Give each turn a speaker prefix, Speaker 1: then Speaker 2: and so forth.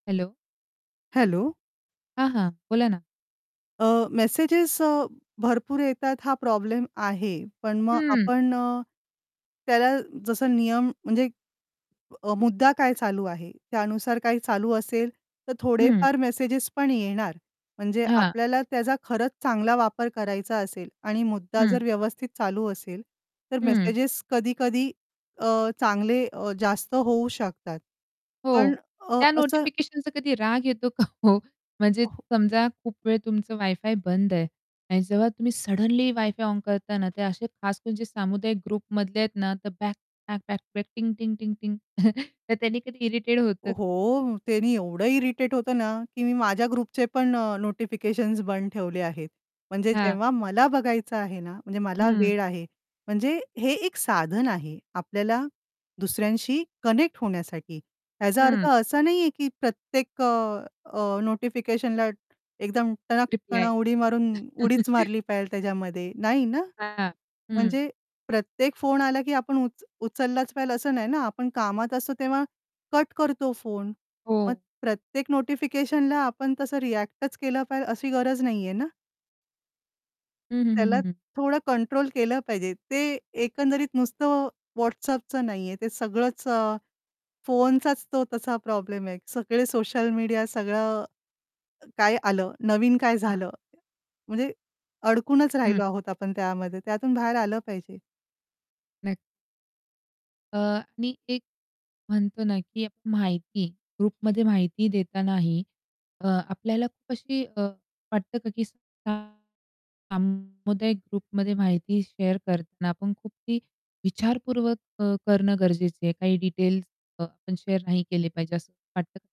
Speaker 1: Hello!
Speaker 2: Hello.
Speaker 1: हां, हां, बोला ना.
Speaker 2: अ, मेसेजेस अ, भरपूर येतात हा प्रॉब्लेम आहे, पण मग
Speaker 1: हं.
Speaker 2: आपण अ, त्याला जसं नियम म्हणजे अ, मुद्दा काय चालू आहे? त्यानुसार काय चालू असेल, तर
Speaker 1: हं.
Speaker 2: थोडेफार मेसेजेस पण येणार म्हणजे
Speaker 1: हां.
Speaker 2: आपल्याला त्याचा खरंच चांगला वापर करायचा असेल आणि मुद्दा
Speaker 1: हं.
Speaker 2: जर व्यवस्थित चालू असेल तर
Speaker 1: हं.
Speaker 2: मेसेजेस कधी-कधी अ, चांगले अ, जास्त होऊ शकतात.
Speaker 1: हो,
Speaker 2: पण अ, अ
Speaker 1: त्या
Speaker 2: असं
Speaker 1: नोटिफिकेशनचा कधी राग येतो का ओ? म्हणजे
Speaker 2: अ, हो.
Speaker 1: समजा खूप वेळ तुमचं वायफाय बंद आहे आणि जेव्हा तुम्ही सडनली वायफाय ऑन करताना ते असे खास म्हणजे सामुदायिक ग्रुपमधले आहेत ना, तर बॅक बॅक-बॅक-बॅक, टिंग-टिंग-टिंग-टिंग. तर त्यांनी कधी इरिटेट होतं?
Speaker 2: हो, त्यांनी एवढं इरिटेट होतं ना, की मी माझ्या ग्रुपचे पण अ, नोटिफिकेशन्स बंद ठेवले आहेत. म्हणजे
Speaker 1: हां.
Speaker 2: जेव्हा मला बघायचं आहे ना, म्हणजे मला
Speaker 1: हं.
Speaker 2: वेळ आहे, म्हणजे हे एक साधन आहे आपल्याला दुसऱ्यांशी कनेक्ट होण्यासाठी. ह्याचा अर्थ
Speaker 1: हं.
Speaker 2: असा नाहीये की प्रत्येक अ, अ, नोटिफिकेशनला एकदम टणक कण
Speaker 1: रिप्लाय.
Speaker 2: उडी मारून उडीच मारली पाहिजे त्याच्यामध्ये नाही ना?
Speaker 1: हां, हं.
Speaker 2: म्हणजे प्रत्येक फोन आला की आपण उच उचललाच पाहिजे असं नाही ना, आपण कामात असतो तेव्हा कट करतो फोन. मग
Speaker 1: हो.
Speaker 2: प्रत्येक नोटिफिकेशनला आपण तसं रिएक्टच केलं पाहिजे अशी गरज नाही आहे ना?
Speaker 1: हं, हं, हं,
Speaker 2: त्याला
Speaker 1: हं, हं.
Speaker 2: थोडं कंट्रोल केलं पाहिजे, ते एकंदरीत नुसतं WhatsAppचं नाहीये ते सगळंच अ, फोनचाच तो तसा प्रॉब्लेम आहे. सगळे सोशल मीडिया सगळं काय आलं, नवीन काय
Speaker 1: हां.
Speaker 2: झालं? म्हणजे अडकूनच
Speaker 1: हं.
Speaker 2: राहिलो आहोत आपण त्यामध्ये त्यातून बाहेर आलं पाहिजे.
Speaker 1: नक्क अ, आणि एक म्हणतो ना, की आपण माहिती ग्रुपमध्ये माहिती देतानाही अ, आपल्याला खूप अशी अ, वाटतं का की सामुदायिक ग्रुपमध्ये माहिती शेअर करताना आपण खूप ती विचारपूर्वक अ, करणं गरजेचं आहे काही डिटेल्स अ, आपण शेअर नाही केले पाहिजे असं वाटतं का?